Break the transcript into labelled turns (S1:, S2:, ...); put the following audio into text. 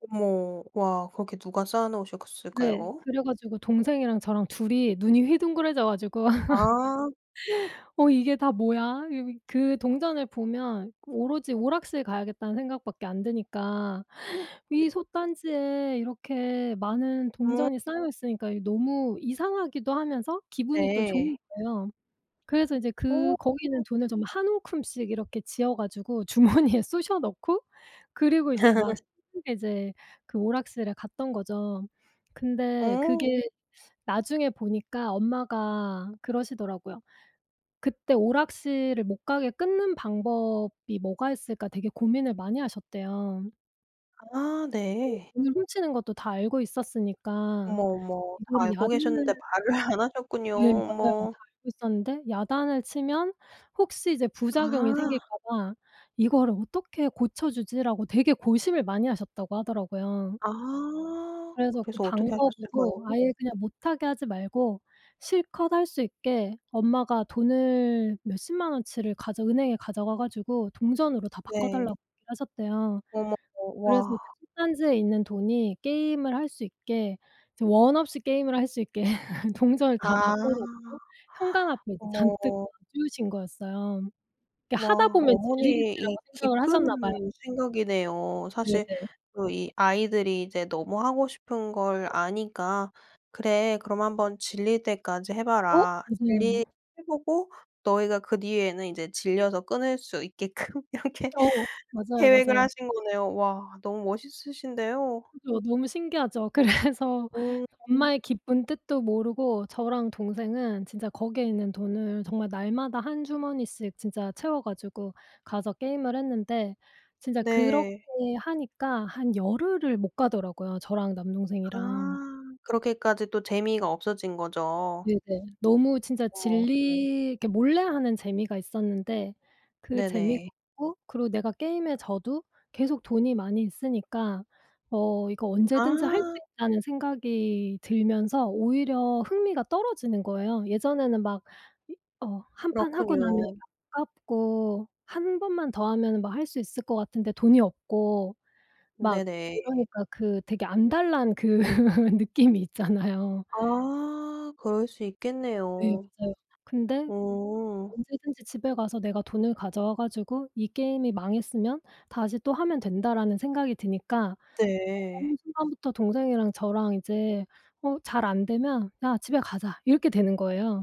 S1: 어머. 와 거기 누가 쌓아
S2: 네.
S1: 놓으셨을까요?
S2: 그래 가지고 동생이랑 저랑 2 이 눈이 휘둥그레져 가지고
S1: 아.
S2: "어 이게 다 뭐야?" 여기 그 동전을 보면 오로지 오락실 가야겠다는 생각 밖에 안 드니까
S1: 네.
S2: 이 솥단지에 이렇게 많은
S1: 음.
S2: 동전이 쌓여 있으니까 이게 너무 이상하기도 하면서 기분이 또 좋은
S1: 네.
S2: 거예요. 그래서 이제 그
S1: 어.
S2: 거기 있는 돈을 정말 한 움큼씩 이렇게 쥐어 가지고 주머니에 쑤셔 넣고 그리고 이제 막 신나게 이제 그 오락실에 갔던 거죠. 근데
S1: 어.
S2: 그게 나중에 보니까 엄마가 그러시더라고요. 그때 오락실을 못 가게 끊는 방법이 뭐가 있을까 되게 고민을 많이 하셨대요.
S1: 아
S2: 네.
S1: 네.
S2: 돈을 훔치는 것도 다 알고 있었으니까.
S1: 어머, 어머. 다
S2: 이거를
S1: 알고
S2: 야단을
S1: 계셨는데 말을 안 하셨군요.
S2: 네 맞아요.
S1: 어머.
S2: 다 알고 있었는데 야단을 치면 혹시 이제 부작용이 생길까
S1: 아.
S2: 봐 '이거를 어떻게 고쳐주지?'라고 되게 고심을 많이 하셨다고 하더라고요.
S1: 아
S2: 그래서 그
S1: 그래서 어떻게
S2: 방법으로
S1: 하셨을까요?
S2: 아예 그냥 못하게 하지 말고 실컷 할 수 있게 엄마가 돈을 몇십만 원치를 가져 은행에 가져가 가지고 동전으로 다 바꿔
S1: 네.
S2: 달라고 얘기를 하셨대요.
S1: 어머.
S2: 그래서 그
S1: 와.
S2: 솥단지에 있는 돈이 게임을 할 수 있게 이제 원 없이 게임을 할 수 있게 동전을 다
S1: 아.
S2: 바꿔 놓고 현관 앞에 그
S1: 어머.
S2: 잔뜩 놔주신 거였어요. 이게 '하다
S1: 와
S2: 보면
S1: 어머니의
S2: 질리겠지.'라고
S1: 이
S2: 생각을 하셨나 봐요.
S1: 깊은 생각이네요. 사실
S2: 네네.
S1: 그 이 아이들이 이제 너무 하고 싶은 걸 아니까 그래 그럼 한번 질릴 때까지 해
S2: 어
S1: 봐라. 질리게
S2: 맞아요.
S1: 해 보고 너희가 그 뒤에는 이제 질려서 끊을 수 있게끔 이렇게
S2: 어. 맞아요,
S1: 계획을
S2: 맞아요.
S1: 하신 거네요. 와 너무 멋있으신데요.
S2: 그죠. 너무 신기하죠. 그래서
S1: 오.
S2: 엄마의 깊은 뜻도 모르고 저랑 동생은 진짜 거기에 있는 돈을 정말 날마다 한 주머니씩 진짜 채워 가지고 가서 게임을 했는데 진짜 그렇게
S1: 네.
S2: 하니까 한 열흘을 못 가더라고요, 저랑
S1: 아
S2: 남동생이랑.
S1: 그렇게까지 또 재미가 없어진 거죠.
S2: 네네. 너무 진짜
S1: 어머.
S2: 질리게 몰래하는 재미가 있었는데 그 재미가
S1: 네네.
S2: 없고 그리고 내가 게임에 져도 계속 돈이 많이 있으니까 어 이거 언제든지 할 수
S1: 아.
S2: 있다는 생각이 들면서 오히려 흥미가 떨어지는 거예요. 예전에는 막 이 어 1 판 하고 나면 이게
S1: 그렇군요.
S2: 아깝고 1 번만 더 하면은 뭐 할 수 있을 것 같은데 돈이 없고 막
S1: 네네.
S2: 이러니까 그 되게 안달 난 그 느낌이 있잖아요.
S1: 아 그럴 수
S2: 네
S1: 있겠네요.
S2: 맞아요. 근데
S1: 어.
S2: 언제든지 집에 가서 내가 돈을 가져와 가지고 '이 게임이 망했으면 다시 또 하면 된다.'라는 생각이 드니까 어느
S1: 네.
S2: 순간부터 동생이랑 저랑 이제 어 잘 안되면 "야 집에 가자." 이렇게 되는 거예요.